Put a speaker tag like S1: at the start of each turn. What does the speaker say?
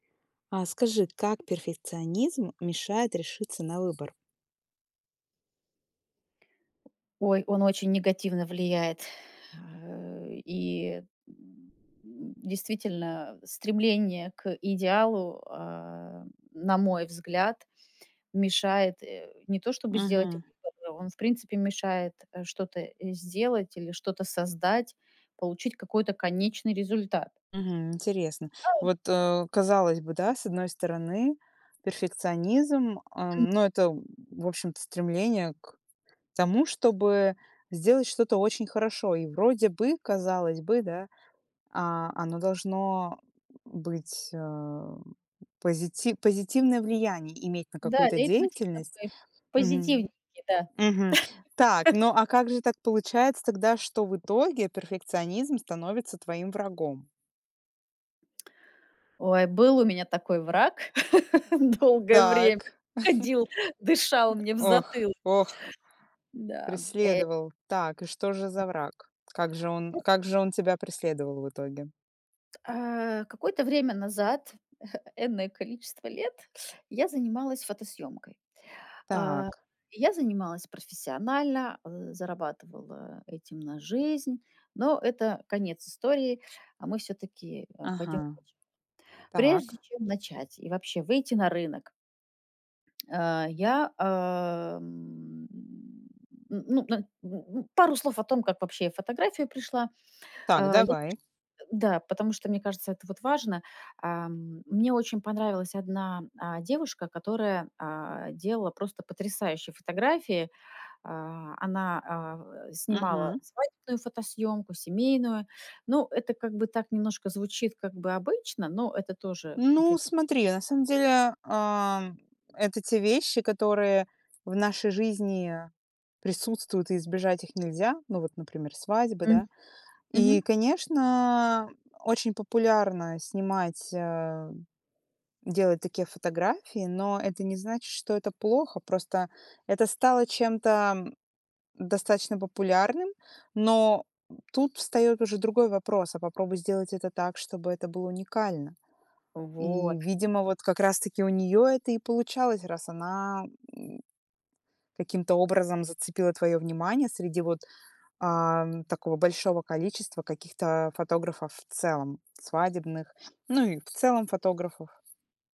S1: А скажи, как перфекционизм мешает решиться на выбор?
S2: Ой, он очень негативно влияет, э. И действительно, стремление к идеалу, а, на мой взгляд, мешает, э, не то чтобы сделать
S1: Мгм.
S2: выводы, он, в принципе, мешает, э, что-то, э, сделать или что-то создать, получить какой-то конечный результат.
S1: Мгм. Интересно, вот, э, казалось бы, да, с одной стороны, перфекционизм, а,
S2: М.
S1: но это, м, в общем-то стремление к тому, чтобы сделать что-то очень хорошо. И вроде бы, казалось бы, да, а, оно должно, м, быть, ам, позити позитивное влияние иметь на
S2: Да,
S1: какую-то
S2: лейтмотив
S1: деятельность.
S2: такой,
S1: Мгм.
S2: позитивненький, да.
S1: Мгм. Так, ну, а как же так получается тогда, что в итоге перфекционизм становится твоим врагом?
S2: Ой, был у меня такой враг долгое время.
S1: Так.
S2: Ходил, дышал
S1: Э,
S2: мне в
S1: ох
S2: затылок.
S1: ох,
S2: Да, м, э.
S1: преследовал. Так, и что же
S2: А.
S1: за враг? Как же он
S2: Эс
S1: как же он тебя преследовал в итоге?
S2: А, кое-то время назад, энное количество лет, я занималась фотосъёмкой. А,
S1: Так.
S2: и я занималась профессионально, э, зарабатывала этим на жизнь, но это конец истории, а мы всё-таки, а, пойдем
S1: Ага.
S2: дальше. Прежде
S1: Так.
S2: чем начать и вообще выйти на рынок, а, я, ам, ну ну, на ну ну, пару слов о том, как вообще фотография пришла.
S1: Так,
S2: А я, ш
S1: давай.
S2: э, да, потому что мне кажется, это вот важно. Ам, мне очень понравилась одна, а, девушка, которая, а, делала просто потрясающие фотографии. А, она, а, в э, снимала
S1: Мгм.
S2: свадебную фотосъёмку, семейную. Ну, это как бы так немножко звучит, как бы обычно, но это тоже
S1: Ну,
S2: опреде
S1: смотри, на самом деле, ам, это те вещи, которые в нашей жизни присутствуют, и избежать их нельзя. Ну вот, например, свадьба,
S2: Мгм.
S1: да. И,
S2: Мгм.
S1: конечно, очень популярно снимать, а, делать такие фотографии, но это не значит, что это плохо, просто это стало чем-то, м, достаточно популярным. Но, м, тут встаёт уже другой вопрос: а попробуй сделать это так, чтобы это было уникально. И,
S2: Вот.
S1: видимо, вот как раз таки у неё это и получалось, раз она, м, каким-то образом зацепила твоё внимание среди вот, ам, такого большого количества каких-то фотографов в целом, свадебных, ну и в целом фотографов.